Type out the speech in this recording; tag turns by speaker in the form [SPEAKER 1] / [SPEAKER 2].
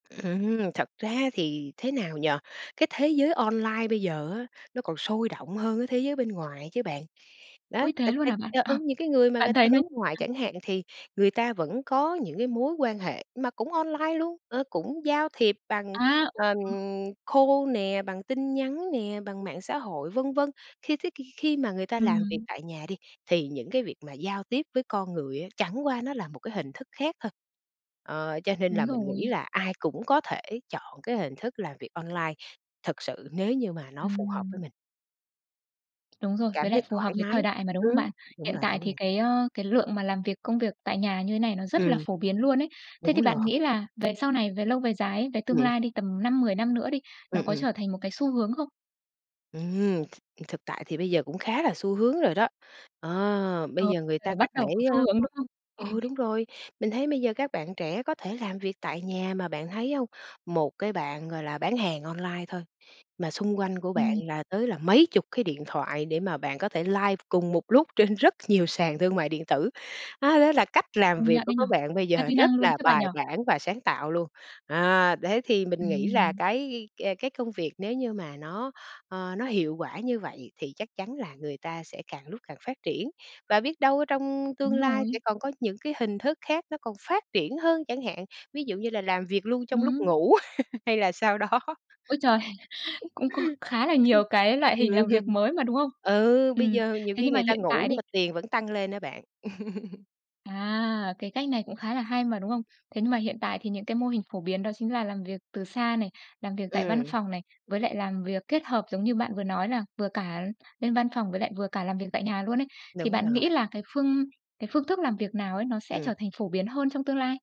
[SPEAKER 1] Ừm, thật ra thì thế nào nhỉ? Cái thế giới online bây giờ á, nó còn sôi động hơn cái thế giới bên ngoài chứ bạn. Đó,
[SPEAKER 2] Ôi, thế
[SPEAKER 1] thực
[SPEAKER 2] luôn
[SPEAKER 1] ra
[SPEAKER 2] hả bạn?
[SPEAKER 1] [unintelligible]
[SPEAKER 2] Ờ,
[SPEAKER 1] ừ, những cái người mà
[SPEAKER 2] bạn
[SPEAKER 1] người ta
[SPEAKER 2] thấy nó
[SPEAKER 1] hướng ngoại
[SPEAKER 2] [unintelligible]
[SPEAKER 1] chẳng hạn thì người ta vẫn có những cái mối quan hệ mà cũng online luôn, ờ, cũng giao thiệp bằng,
[SPEAKER 2] À
[SPEAKER 1] ờm,
[SPEAKER 2] [unintelligible]
[SPEAKER 1] call nè, bằng tin nhắn nè, bằng mạng xã hội, vân vân. Khi thế thì khi mà người ta làm việc
[SPEAKER 2] Ừm.
[SPEAKER 1] tại nhà đi thì những cái việc mà giao tiếp với con người á, chẳng qua nó là một cái hình thức khác thôi. Ờ, cho nên
[SPEAKER 2] Đúng
[SPEAKER 1] là mình nghĩ
[SPEAKER 2] rồi.
[SPEAKER 1] là ai cũng có thể chọn cái hình thức làm việc online thực sự nếu như mà nó phù hợp với
[SPEAKER 2] Ừm.
[SPEAKER 1] mình.
[SPEAKER 2] Đúng rồi,
[SPEAKER 1] Cảm
[SPEAKER 2] với lại
[SPEAKER 1] thấy
[SPEAKER 2] phù hợp
[SPEAKER 1] thoải
[SPEAKER 2] với
[SPEAKER 1] mái.
[SPEAKER 2] thời đại mà, đúng không
[SPEAKER 1] Ừm,
[SPEAKER 2] bạn?
[SPEAKER 1] đúng
[SPEAKER 2] Hiện
[SPEAKER 1] rồi,
[SPEAKER 2] tại
[SPEAKER 1] đúng
[SPEAKER 2] thì
[SPEAKER 1] rồi.
[SPEAKER 2] cái, ơ, cái lượng mà làm việc công việc tại nhà như thế này nó rất
[SPEAKER 1] Ừm.
[SPEAKER 2] là phổ biến luôn ấy. Thế
[SPEAKER 1] Đúng
[SPEAKER 2] thì
[SPEAKER 1] rồi.
[SPEAKER 2] bạn nghĩ là về sau này, về lâu về dài ấy, về tương
[SPEAKER 1] Ừm.
[SPEAKER 2] lai đi, tầm 5, 10 năm nữa đi, nó
[SPEAKER 1] Ừm,
[SPEAKER 2] có
[SPEAKER 1] ừm.
[SPEAKER 2] trở thành một cái xu hướng không?
[SPEAKER 1] Ừm. Thực tại thì bây giờ cũng khá là xu hướng rồi đó. Ờ, bây
[SPEAKER 2] Ờ.
[SPEAKER 1] giờ người
[SPEAKER 2] Giờ là
[SPEAKER 1] ta có
[SPEAKER 2] bắt đầu
[SPEAKER 1] thể,
[SPEAKER 2] có xu hướng,
[SPEAKER 1] ơ
[SPEAKER 2] đúng không? Ừm.
[SPEAKER 1] ừ, đúng rồi, mình thấy bây giờ các bạn trẻ có thể làm việc tại nhà mà bạn thấy hông, một cái bạn, gọi là, bán hàng online thôi mà xung quanh của bạn
[SPEAKER 2] Ừm.
[SPEAKER 1] là tới là mấy chục cái điện thoại để mà bạn có thể live cùng một lúc trên rất nhiều sàn thương mại điện tử. À, đó là cách làm
[SPEAKER 2] Công
[SPEAKER 1] việc
[SPEAKER 2] nhận
[SPEAKER 1] của
[SPEAKER 2] ấy nhỉ.
[SPEAKER 1] các bạn bây
[SPEAKER 2] Đa
[SPEAKER 1] giờ,
[SPEAKER 2] di
[SPEAKER 1] rất
[SPEAKER 2] năng luôn
[SPEAKER 1] là
[SPEAKER 2] chứ bạn
[SPEAKER 1] bài
[SPEAKER 2] nhỉ?
[SPEAKER 1] bản và sáng tạo luôn. À, thế thì mình nghĩ là
[SPEAKER 2] Ừm.
[SPEAKER 1] cái, à, cái công việc nếu như mà nó, ờ, nó hiệu quả như vậy thì chắc chắn là người ta sẽ càng lúc càng phát triển, và biết đâu ở trong tương
[SPEAKER 2] Đúng
[SPEAKER 1] lai sẽ
[SPEAKER 2] rồi.
[SPEAKER 1] còn có những cái hình thức khác nó còn phát triển hơn chẳng hạn, ví dụ như là làm việc luôn trong lúc
[SPEAKER 2] Ừm.
[SPEAKER 1] ngủ hay là sao đó.
[SPEAKER 2] Ôi trời. Cũng có khá là nhiều cái loại hình
[SPEAKER 1] Ừm.
[SPEAKER 2] làm việc mới mà, đúng không?
[SPEAKER 1] Ừ, bây
[SPEAKER 2] Ừm.
[SPEAKER 1] giờ nhiều
[SPEAKER 2] Thế
[SPEAKER 1] khi
[SPEAKER 2] nhưng mà
[SPEAKER 1] người ta
[SPEAKER 2] hiện
[SPEAKER 1] ngủ
[SPEAKER 2] tại
[SPEAKER 1] nhưng
[SPEAKER 2] đi.
[SPEAKER 1] mà tiền vẫn tăng lên á bạn.
[SPEAKER 2] À, cái cách này cũng khá là hay mà, đúng không? Thế nhưng mà hiện tại thì những cái mô hình phổ biến đó chính là làm việc từ xa này, làm việc tại văn
[SPEAKER 1] Ừm.
[SPEAKER 2] phòng này, với lại làm việc kết hợp, giống như bạn vừa nói là vừa cả lên văn phòng với lại vừa cả làm việc tại nhà luôn ấy, thì
[SPEAKER 1] Đúng
[SPEAKER 2] bạn nghĩ
[SPEAKER 1] rồi.
[SPEAKER 2] là cái phương cái phương thức làm việc nào ấy nó sẽ
[SPEAKER 1] Ừm.
[SPEAKER 2] trở thành phổ biến hơn trong tương lai?